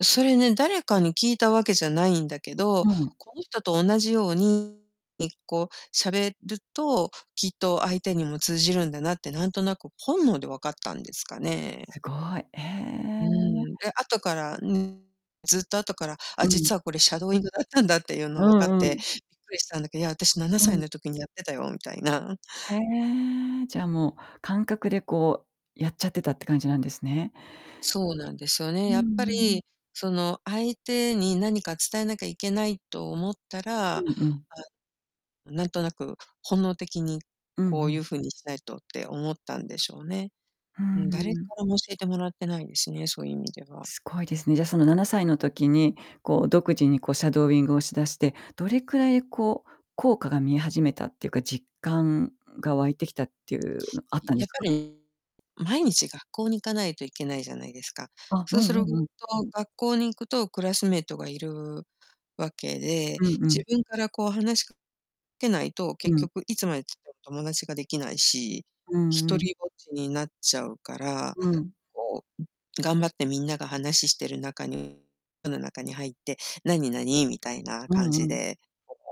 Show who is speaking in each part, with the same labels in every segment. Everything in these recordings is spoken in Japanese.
Speaker 1: それね、誰かに聞いたわけじゃないんだけ
Speaker 2: う
Speaker 1: ど、
Speaker 2: うん。
Speaker 1: この人と同じように、え、こう、喋ると、きっと相手にも通じるんだなってなんとなく本能で分かったんですかね。
Speaker 2: すごい。へ
Speaker 1: う
Speaker 2: え。
Speaker 1: ーん、で、後から、ん、ずっと後から、あ、
Speaker 2: うん。
Speaker 1: 実はこれシャドーイングだったんだっていう
Speaker 2: う
Speaker 1: の分かっ
Speaker 2: んう
Speaker 1: て、
Speaker 2: ん。
Speaker 1: びっくりしたんだけいや、あたし、なな
Speaker 2: う
Speaker 1: さい
Speaker 2: ん。
Speaker 1: の時にやってたよ、みたいな。
Speaker 2: へえ。じゃあ、もう感覚で、こう、やっちゃってたって感じなんですね。
Speaker 1: そうなんですよね。
Speaker 2: うん、
Speaker 1: やっぱ
Speaker 2: うーん。
Speaker 1: り、その、相手に何か伝えなきゃいけないと思ったら、
Speaker 2: う
Speaker 1: あ、
Speaker 2: んうん。
Speaker 1: なんとなく、本能的に、
Speaker 2: うん、
Speaker 1: こ
Speaker 2: ふ
Speaker 1: うゆ
Speaker 2: ん。
Speaker 1: う風にしないとって思ったんでしょうね。
Speaker 2: ふ
Speaker 1: う
Speaker 2: ん、
Speaker 1: ん、誰
Speaker 2: んん。
Speaker 1: からも教えてもらってないですね、そゆ意味では。
Speaker 2: すごいですね。じゃ、その、7歳の時に、こう、独自に、こ、シャドーイングをしだして、どれくらい、こう、効果が見え始めたっていうか、実感が湧いてきたっていうのあっ
Speaker 1: い
Speaker 2: たんで
Speaker 1: やっ
Speaker 2: す
Speaker 1: ぱ
Speaker 2: か？
Speaker 1: り、毎日学校に行かないといけないじゃないですか。
Speaker 2: あ、
Speaker 1: そ
Speaker 2: う
Speaker 1: うす
Speaker 2: んう
Speaker 1: る
Speaker 2: んうん。
Speaker 1: と学校に行くと、クラスメートがいるわけで、
Speaker 2: うんうん。
Speaker 1: 自分から、こう、話しかけないと、
Speaker 2: う
Speaker 1: 結
Speaker 2: ん。
Speaker 1: 局いつまでたっても友達ができないし、
Speaker 2: うーん、う
Speaker 1: 独
Speaker 2: ん。
Speaker 1: りぼっちになっちゃうから、
Speaker 2: うん。
Speaker 1: こう、頑張ってみんながはなししてる中にその中に入って、「なに、なに？」みたいな
Speaker 2: う
Speaker 1: 感
Speaker 2: んう
Speaker 1: じ
Speaker 2: ん。
Speaker 1: で、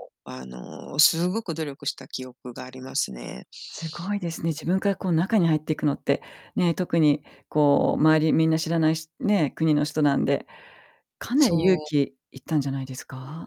Speaker 1: そうそう、あの、すごく努力した記憶がありますね。
Speaker 2: すごいで
Speaker 1: ん。
Speaker 2: すね、自分から、こう、中に入っていくのってね、特に、こう、周りみんな知らないしね、国の人なんで、かなり
Speaker 1: そ
Speaker 2: 勇
Speaker 1: う。
Speaker 2: 気いったんじゃないですか？